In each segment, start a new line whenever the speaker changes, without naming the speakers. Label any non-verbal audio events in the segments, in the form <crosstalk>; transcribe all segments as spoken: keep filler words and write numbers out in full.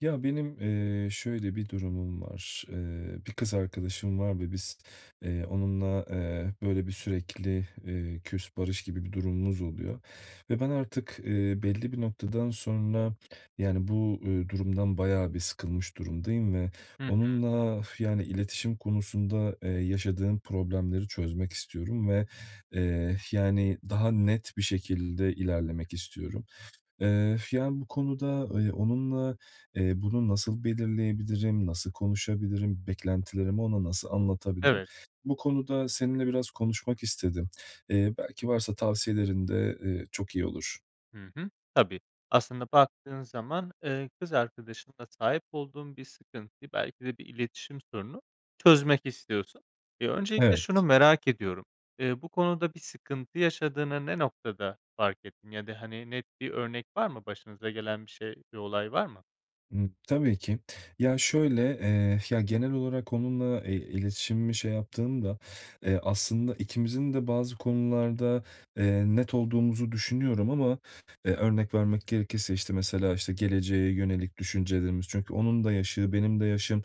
Ya, benim, eee, şöyle bir durumum var. Eee, bir kız arkadaşım var ve biz, eee, onunla, eee, hep, böyle, bir, sürekli, eee, "küs, barış" gibi bir durumumuz oluyor ve ben artık, eee, belli bir noktadan sonra, yani, bu, eee, durumdan bayağı bir sıkılmış durumdayım ve
Hı hı.
onunla, <exhales> yani, iletişim konusunda, eee, yaşadığım problemleri çözmek istiyorum ve, eee, yani, daha net bir şekilde ilerlemek istiyorum. Eee, <exhales> yani, bu konuda ıy onunla, eee, bunu nasıl belirleyebilirim? Nasıl konuşabilirim? Beklentilerimi ona nasıl anlatabilirim?
Evet.
Bu konuda seninle biraz konuşmak istedim. Eee, belki varsa tavsiyelerin de, eee, çok iyi olur.
Hı hı. Tabii. Aslında baktığın zaman, eee, kız arkadaşınla sahip olduğun bir sıkıntıyı, belki de bir iletişim sorununu, çözmek istiyorsun. Eee, öncelikle şunu
Evet.
merak ediyorum: Eee, bu konuda bir sıkıntı yaşadığını ne noktada fark ettin ya da, hani, net bir örnek var mı, başınıza gelen bir şey, bir olay var mı?
Imm, tabii ki. Ya, şöyle, eee, ya, genel olarak onunla, eee, iletişimimi şey yaptığımda, eee, aslında ikimizin de bazı konularda, eee, net olduğumuzu düşünüyorum ama, eee, örnek vermek gerekirse, işte, mesela, işte, geleceğe yönelik düşüncelerimiz. Çünkü onun da yaşı, benim de yaşım,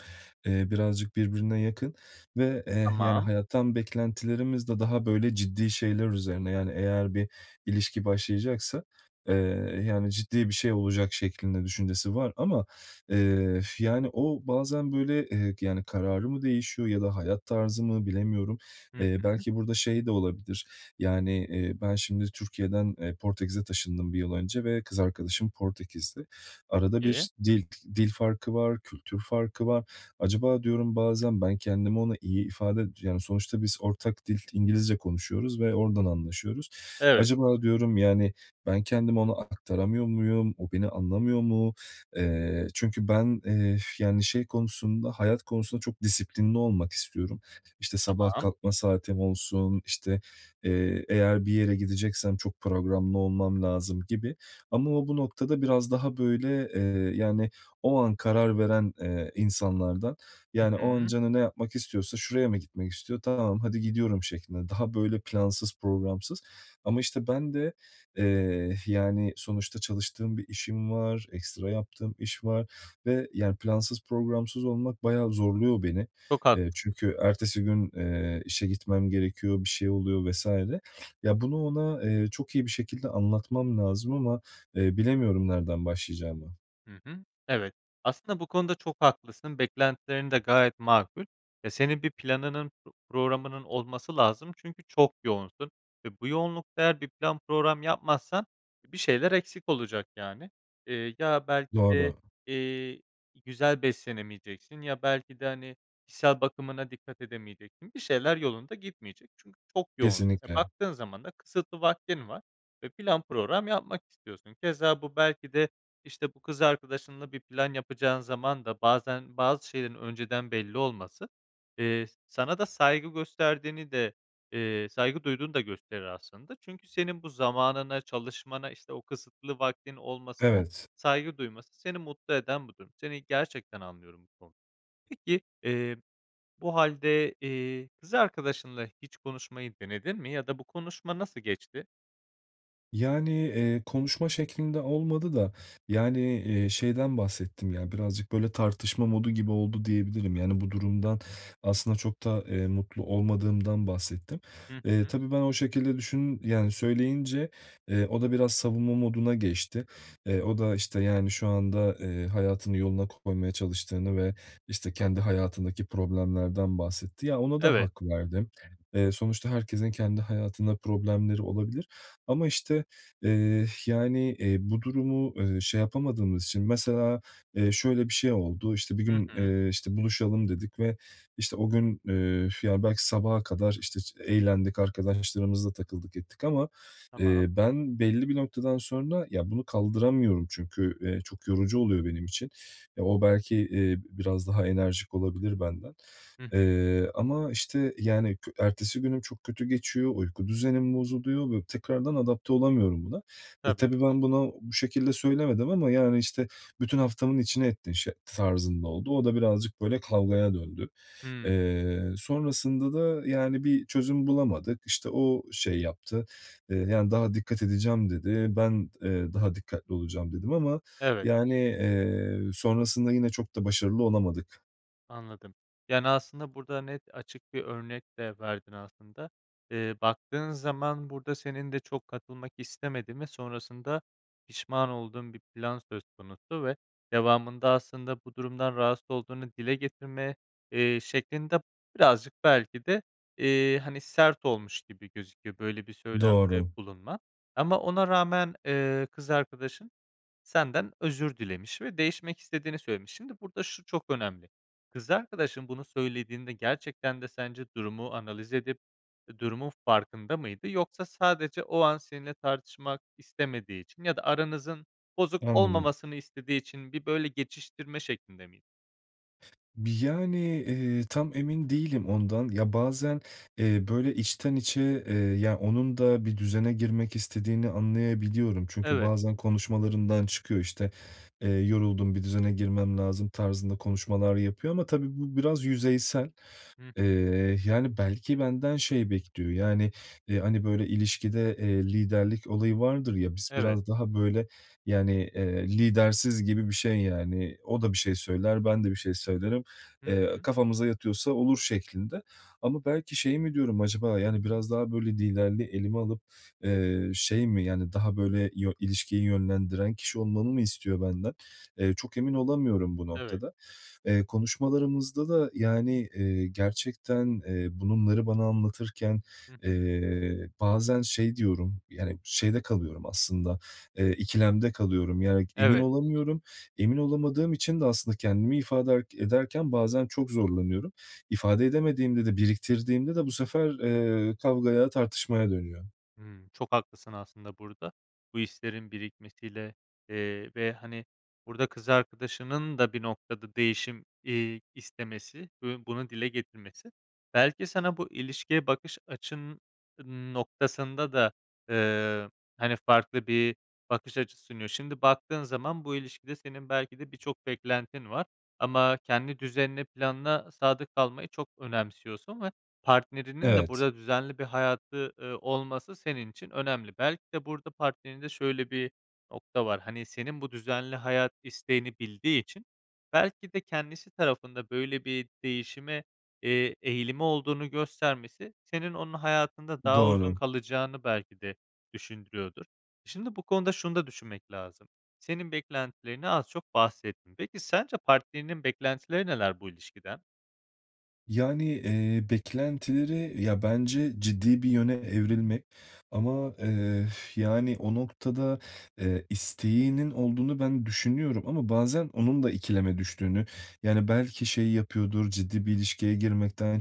eee, birazcık birbirine yakın ve, eee, yani,
Tamam.
hayattan beklentilerimiz de daha, böyle, ciddi şeyler üzerine. Yani, eğer bir ilişki başlayacaksa, eee, yani, ciddi bir şey olacak şeklinde düşüncesi var. Ama, eee, <exhales> yani, o bazen, böyle, eee, yani, kararı mı değişiyor ya da hayat tarzı mı, bilemiyorum.
Hı
Eee,
hı.
belki burada şey de olabilir, yani, eee, ben şimdi Türkiye'den, eee, Portekiz'e taşındım bir yıl önce ve kız arkadaşım Portekizli. Arada
Peki.
bir dil dil farkı var, kültür farkı var. Acaba, diyorum, bazen ben kendimi ona iyi ifade yani, sonuçta biz ortak dil İngilizce konuşuyoruz ve oradan anlaşıyoruz.
Evet.
Acaba, diyorum, yani, ben kendimi ona aktaramıyor muyum? O, beni anlamıyor mu? Eee, çünkü ben, eee, <exhales> yani, şey konusunda, hayat konusunda çok disiplinli olmak istiyorum. İşte, sabah
Tamam.
kalkma saatim olsun, işte, eee, eğer bir yere gideceksem çok programlı olmam lazım gibi. Ama o, bu noktada biraz daha, böyle, eee, yani, o an karar veren, eee, insanlardan.
Hı
Yani, o an
hı.
canı ne yapmak istiyorsa şuraya mı gitmek istiyor, "Tamam, hadi gidiyorum." şeklinde. Daha böyle plansız, programsız. Ama, işte, ben de, eee, yani, sonuçta çalıştığım bir işim var, ekstra yaptığım iş var ve, yani, plansız, programsız olmak bayağı zorluyor beni.
Çok
Eee,
haklısın.
çünkü ertesi gün, eee, işe gitmem gerekiyor, bir şey oluyor vs. Ya, bunu ona, eee, çok iyi bir şekilde anlatmam lazım ama, eee, bilemiyorum nereden başlayacağımı.
Hı hı, evet. Aslında bu konuda çok haklısın, beklentilerin de gayet makul ve senin bir planının puroğramının olması lazım, çünkü çok yoğunsun ve bu yoğunlukta eğer bir plan puroğram yapmazsan bir şeyler eksik olacak, yani. Eee, ya belki
Doğru.
de, eee, güzel beslenemeyeceksin ya belki de, hani, kişisel bakımına dikkat edemeyeceksin. Bir şeyler yolunda gitmeyecek çünkü çok yoğun. E,
Kesinlikle.
baktığın zaman da kısıtlı vaktin var ve plan puroğram yapmak istiyorsun. Keza bu belki de, işte, bu kız arkadaşınla bir plan yapacağın zaman da bazen bazı şeylerin önceden belli olması, eee, s sana da saygı gösterdiğini de, eee, saygı duyduğunu da gösterir aslında. Çünkü senin bu zamanına, çalışmana, işte, o kısıtlı vaktin olmasına
Evet.
saygı duyması, seni mutlu eden bu durum. Seni gerçekten anlıyorum bu konu Peki, eee, bu hâlde, eee, kız arkadaşınla hiç konuşmayı denedin mi? Ya da bu konuşma nasıl geçti?
Yani, eee, konuşma şeklinde olmadı da, yani, eee, şeyden bahsettim. Ya, birazcık böyle tartışma modu gibi oldu diyebilirim. Yani, bu durumdan aslında çok da, eee, mutlu olmadığımdan bahsettim.
Hı
Eee,
hı.
tabii ben o şekilde düşün yani, söyleyince, eee, o da biraz savunma moduna geçti. Eee, o da, işte, yani, şu anda, eee, hayatını yoluna koymaya çalıştığını ve, işte, kendi hayatındaki problemlerden bahsetti. Ya, ona da
Evet.
hak verdim. Eee, sonuçta herkesin kendi hayatında problemleri olabilir. Ama işte, eee <exhales> yani, eee, bu durumu, eee, şey yapamadığımız için, mesela, eee, şöyle bir şey oldu: İşte, bir
Hı
gün,
hı.
eee, işte, buluşalım, dedik ve, işte, o gün, eee, f ya, belki sabaha kadar, işte, ç eğlendik, arkadaşlarımızla takıldık ettik ama,
Tamam.
eee, ben, belli bir noktadan sonra ya bunu kaldıramıyorum çünkü, eee, çok yorucu oluyor benim için. E, o belki, eee, biraz daha enerjik olabilir benden.
Hı hı.
Eee, ama, işte, yani, kü ertesi günüm çok kötü geçiyor, uyku düzenim bozuluyor ve tekrardan adapte olamıyorum buna. E,
Tabii.
tabii ben buna, bu şekilde söylemedim ama, yani, işte, bütün haftamın içine ettin, şe tarzında oldu. O da birazcık, böyle, kavgaya döndü.
Hıı.
Eee, sonrasında da, yani, bir çözüm bulamadık. İşte, o şey yaptı, eee, yani, daha dikkat edeceğim, dedi. Ben, eee, daha dikkatli olacağım, dedim ama,
Evet.
yani, eee, sonrasında yine çok da başarılı olamadık.
Anladım. Yani, aslında burada net, açık bir örnek de verdin aslında. Eee, baktığın zaman burada senin de çok katılmak istemediğin ve sonrasında pişman olduğun bir plan söz konusu ve devamında aslında bu durumdan rahatsız olduğunu dile getirme, eee, şeklin de birazcık belki de, eee, hani, sert olmuş gibi gözüküyor, böyle bir söylemde
Doğru.
bulunman. Ama ona rağmen, eee, kız arkadaşın senden özür dilemiş ve değişmek istediğini söylemiş. Şimdi, burada şu çok önemli, kız arkadaşın bunu söylediğinde gerçekten de sence durumu analiz edip durumun farkında mıydı? Yoksa, sadece o an seninle tartışmak istemediği için ya da aranızın bozuk
Anladım.
olmamasını istediği için bir, böyle, geçiştirme şeklinde miydi?
Bi yani, eee, tam emin değilim ondan. Ya, bazen, eee, böyle içten içe, eee, ya, onun da bir düzene girmek istediğini anlayabiliyorum. Çünkü
Evet.
bazen konuşmalarından çıkıyor işte, “Eee, yoruldum, bir düzene girmem lazım.” tarzında konuşmalar yapıyor ama tabii bu biraz yüzeysel.
Hıh.
Eee, yani, belki benden şey bekliyor. Yani, hani, böyle, ilişkide, eee, liderlik olayı vardır ya, biz
Evet.
biraz daha böyle, yani, eee, lidersiz gibi bir şey, yani. O da bir şey söyler, ben de bir şey söylerim.
Hı
Eee,
hı.
"Kafamıza yatıyorsa olur." şeklinde. Ama, belki şey mi, diyorum. Acaba, yani, biraz daha böyle liderliği elime alıp, eee, şey mi, yani, daha böyle yö ilişkiyi yönlendiren kişi olmamı mı istiyor benden? Eee, çok emin olamıyorum bu
Evet.
noktada. Eee, konuşmalarımızda da yani, eee, gerçekten, eee, bununları bana anlatırken,
Hı hı.
eee, bazen şey diyorum, yani şeyde kalıyorum aslında, eee, ikilemde kalıyorum. Yani, emin
Evet.
olamıyorum. Emin olamadığım için de aslında kendimi ifade ed ederken bazen çok zorlanıyorum. İfade edemediğimde de, biriktirdiğimde de, bu sefer, eee, kavgaya, tartışmaya dönüyor.
Hımm, çok haklısın aslında burada. Bu hislerin birikmesiyle, eee, ve, hani, burada kız arkadaşının da bir noktada değişim, iii, istemesi ve bunu dile getirmesi belki sana bu ilişkiye bakış açın noktasında da, eee, hani, farklı bir bakış açısı sunuyor. Şimdi, baktığın zaman bu ilişkide senin belki de birçok beklentin var. Ama kendi düzenine, planına sadık kalmayı çok önemsiyorsun ve partnerinin de
Evet.
burada düzenli bir hayatı, ııı, olması senin için önemli. Belki de, burada partnerinde şöyle bir nokta var. Hani, senin bu düzenli hayat isteğini bildiği için belki de kendisi tarafında böyle bir değişime, eee, eğilimi olduğunu göstermesi senin onun hayatında daha uzun
Doğru.
kalacağını belki de düşündürüyordur. Şimdi, bu konuda şunu da düşünmek lazım, senin beklentilerini az çok bahsettin. Peki, sence partnerinin beklentileri neler bu ilişkiden?
Yani, eee, beklentileri... Ya, bence ciddi bir yöne evrilmek. Ama, eee, <exhales> yani o noktada, eee, isteğinin olduğunu ben düşünüyorum ama bazen onun da ikileme düştüğünü, yani, belki şey yapıyordur, ciddi bir ilişkiye girmekten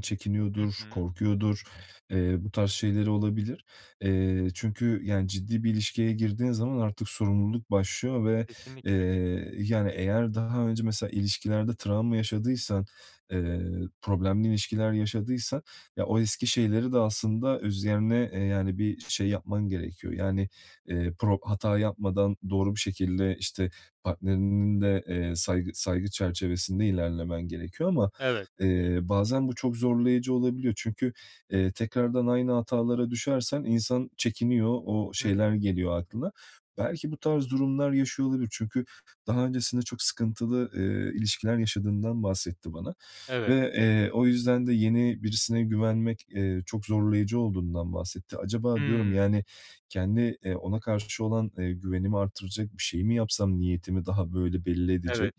Hı
çekiniyordur,
hı.
korkuyordur, eee, bu tarz şeyleri olabilir. Eee, çünkü, yani, ciddi bir ilişkiye girdiğin zaman artık sorumluluk başlıyor ve,
Kesinlikle.
eee, yani, eğer daha önce mesela ilişkilerde travma yaşadıysan, eee, problemli ilişkiler yaşadıysan, ya, o eski şeyleri de aslında üzerine, yani, bir şey yapman gerekiyor. Yani, eee, pro hata yapmadan doğru bir şekilde, işte, partnerinin de, eee, saygı, saygı çerçevesinde ilerlemen gerekiyor ama,
Evet.
eee, bazen bu çok zorlayıcı olabiliyor. Çünkü, eee, tekrardan aynı hatalara düşersen insan çekiniyor. O
Hı hı.
şeyler geliyor aklına. Belki bu tarz durumlar yaşıyor olabilir. Çünkü daha öncesinde çok sıkıntılı, eee, ilişkiler yaşadığından bahsetti bana
Evet.
ve, eee, o yüzden de yeni birisine güvenmek, eee, çok zorlayıcı olduğundan bahsetti. Acaba, diyorum,
Hımm.
yani, kendi, eee, ona karşı olan, eee, güvenimi artıracak bir şey mi yapsam? Niyetimi daha böyle belli edecek...
Evet.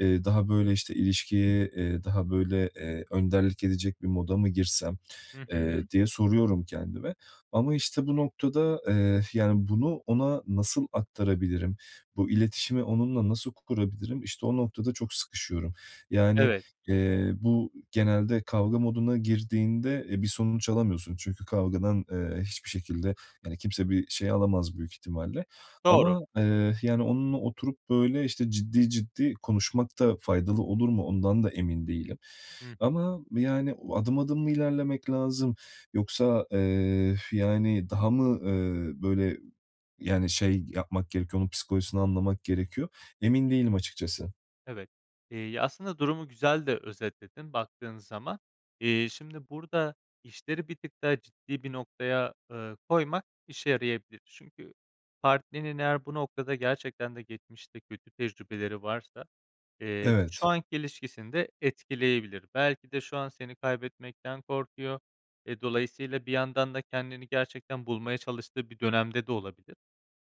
Eee, daha, böyle, işte, ilişkiye, eee, daha böyle, eee, önderlik edecek bir moda mı girsem?
Hı
Eee,
hı.
diye soruyorum kendime. Ama, işte, bu noktada, eee, yani, bunu, ona nasıl aktarabilirim, bu iletişimi onunla nasıl kurabilirim? İşte o noktada çok sıkışıyorum. Yani,
Evet.
eee, bu genelde kavga moduna girdiğinde e, bir sonuç alamıyorsun. Çünkü kavgadan, eee, hiçbir şekilde, yani, kimse bir şey alamaz büyük ihtimalle.
Doğru.
Ama, eee, yani, onunla oturup, böyle, işte ciddi ciddi konuşmak da faydalı olur mu? O ndan da emin değilim.
Hı bi
Ama yani, o adım adım mı ilerlemek lazım, yoksa, eee, <exhales> yani, daha mı, eee, böyle, yani, şey yapmak gerekiyor, onun psikolojisini anlamak gerekiyor? Emin değilim açıkçası.
Evet, eee, aslında durumu güzel de özetledin baktığın zaman. Eee, şimdi burada işleri bir tık daha ciddi bir noktaya, eee, koymak işe yarayabilir. Çünkü partnerinin eğer bu noktada gerçekten de geçmişte kötü tecrübeleri varsa, eee, bu, şu
Evet.
anki ilişkisini de etkileyebilir. Belki de şu an seni kaybetmekten korkuyor. E, dolayısıyla bir yandan da kendini gerçekten bulmaya çalıştığı bir dönemde de olabilir.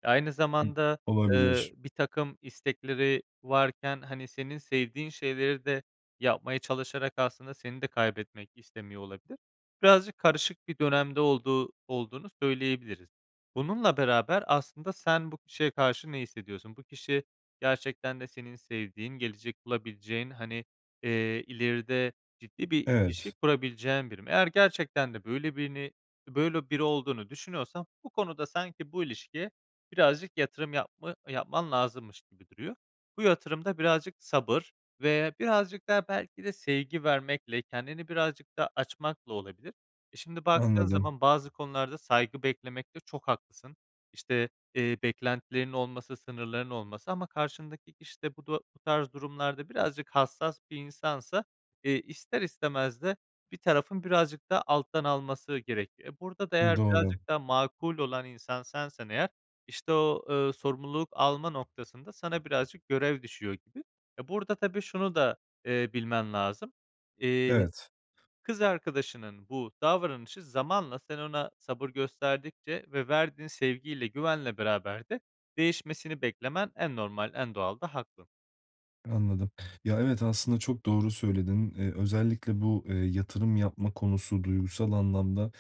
E, aynı
I
zamanda,
Olabilir.
eee, birtakım istekleri varken, hani, senin sevdiğin şeyleri de yapmaya çalışarak aslında seni de kaybetmek istemiyor olabilir. Birazcık karışık bir dönemde olduğu olduğunu söyleyebiliriz. Bununla beraber aslında sen bu kişiye karşı ne hissediyorsun? Bu kişi, gerçekten de senin sevdiğin, gelecek bulabileceğin, hani, eee, ileride ciddi bir ilişki
Evet.
kurabileceğin biri mi? Eğer gerçekten de böyle birini böyle biri olduğunu düşünüyorsan bu konuda sanki bu ilişkiye birazcık yatırım yapma yapman lazımmış gibi duruyor. Bu yatırım da birazcık sabır ve birazcık da belki de sevgi vermekle, kendini birazcık da açmakla olabilir. E, şimdi baktığın
Anladım.
zaman bazı konularda saygı beklemekte çok haklısın. İşte, eee, beklentilerin olması, sınırlarının olması ama karşındaki kişi de bu da bu tarz durumlarda birazcık hassas bir insansa, eee, ister istemez de bir tarafın birazcık daha alttan alması gerekiyor. E, burada da eğer
Doğru.
birazcık daha makul olan insan sensen eğer, işte o, eee, sorumluluk alma noktasında sana birazcık görev düşüyor gibi. E, burada tabii şunu da, eee, bilmen lazım. Eee,
Evet.
kız arkadaşının bu davranışı zamanla sen ona sabır gösterdikçe ve verdiğin sevgiyle güvenle beraber de değişmesini beklemen en normal, en doğal da hakkın.
Anladım. Ya, evet aslında çok doğru söyledin. Eee, özellikle bu, eee, yatırım yapma konusu duygusal anlamda,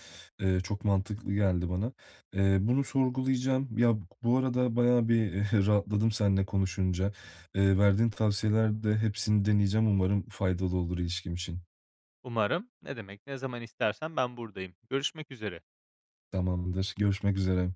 eee, çok mantıklı geldi bana. Eee, bunu sorgulayacağım. Ya, bu arada, bayağı bir <chuckles> rahatladım seninle konuşunca. Eee, verdiğin tavsiyeler de hepsini deneyeceğim. Umarım faydalı olur ilişkim için.
Umarım. Ne demek. Ne zaman istersen ben buradayım. Görüşmek üzere.
Tamamdır, görüşmek üzere.